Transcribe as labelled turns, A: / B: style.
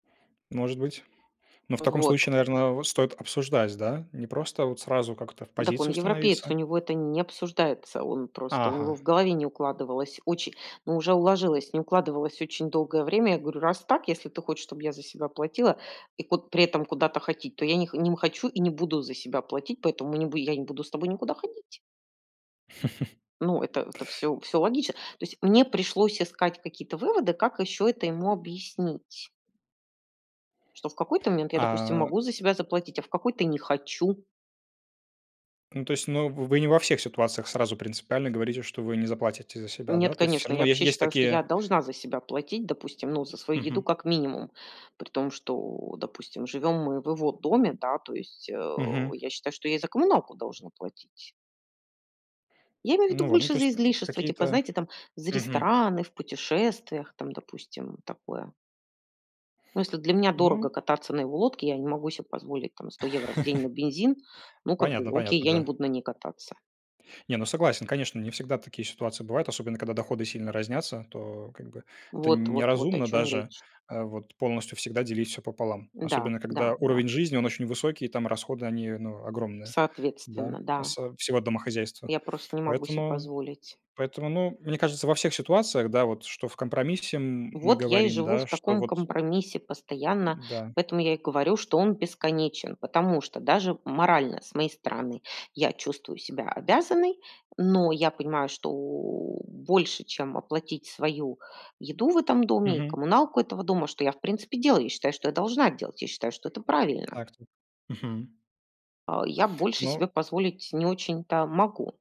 A: Может быть. Но в таком
B: Вот.
A: случае, наверное, стоит обсуждать, да? Не просто вот сразу как-то в
B: Дак он
A: позицию
B: европеец, у
A: становиться.
B: него это н не обсуждается. Он просто у
A: Ага.
B: него в голове не укладывалось оче Ну, уже уложилось, не укладывалось очень долгое время. Я говорю: "Раз так, если ты хочешь, чтобы я за себя платила и куд при этом куда-то ходить. То я не не хочу и не буду за себя платить, поэтому я не бу я не буду с тобой никуда ходить". Ну, это это всё всё логично. То есть мне пришлось искать какие-то выводы, как ещё это ему объяснить. Что в какой-то момент я, допустим,
A: А.
B: могу за себя заплатить, а в какой-то не хочу.
A: Ну, то есть, но в вы не во всех ситуациях сразу принципиально говорите, что вы не заплатите за себя,
B: Нет,
A: да? То есть всё
B: конечно. Я
A: равно е
B: вообще
A: есть
B: считаю, что я
A: такие
B: должна за себя платить, допустим, ну, за свою еду
A: Мгм.
B: как минимум. При том, что, допустим, живем мы в его доме, да, то есть, э,
A: Мгм.
B: я считаю, что я и за коммуналку должна платить. Я имею в виду
A: Ну во, ну,
B: больше
A: то
B: за
A: есть,
B: излишества типа,
A: какие-то
B: знаете, там, за
A: мгм.
B: рестораны, в путешествиях, там, допустим, такое. Ну, если для меня дорого
A: Ну
B: кататься на его лодке, я не могу себе позволить там 100 евро в день на бензин, ну, как бы,
A: Понятно
B: окей,
A: понятно,
B: я не
A: да.
B: буду на ней кататься.
A: Не, ну, согласен, конечно, не всегда такие ситуации бывают, особенно когда доходы сильно разнятся. То, как бы, это
B: Вот
A: н
B: вот вот о
A: неразумно
B: чём и
A: даже,
B: речь.
A: а вот полностью всегда делить все пополам,
B: Да,
A: особенно
B: да,
A: когда
B: да.
A: уровень жизни он очень высокий, там расходы они, ну, огромные, да,
B: Соответственно, да.
A: осо всего домохозяйства.
B: Я просто не могу себе
A: Поэтому
B: позволить.
A: поэтому, ну, мне кажется, во всех ситуациях, да, вот, что в компромиссе, м мы
B: Вот я и
A: говорим,
B: живу в
A: да, что
B: таком
A: вот э
B: компромиссе постоянно,
A: Да.
B: поэтому я и говорю, что он бесконечен. Потому что даже морально с моей стороны я чувствую себя обязанной, но я понимаю, что больше, чем оплатить свою еду в этом доме и
A: Мгм.
B: коммуналку этого дома, что я, в принципе, и делаю. Я считаю, что я должна делать. Я считаю, что это правильно.
A: Так, тут. Мгм.
B: А, я больше
A: Ну
B: себе позволить не очень-то могу.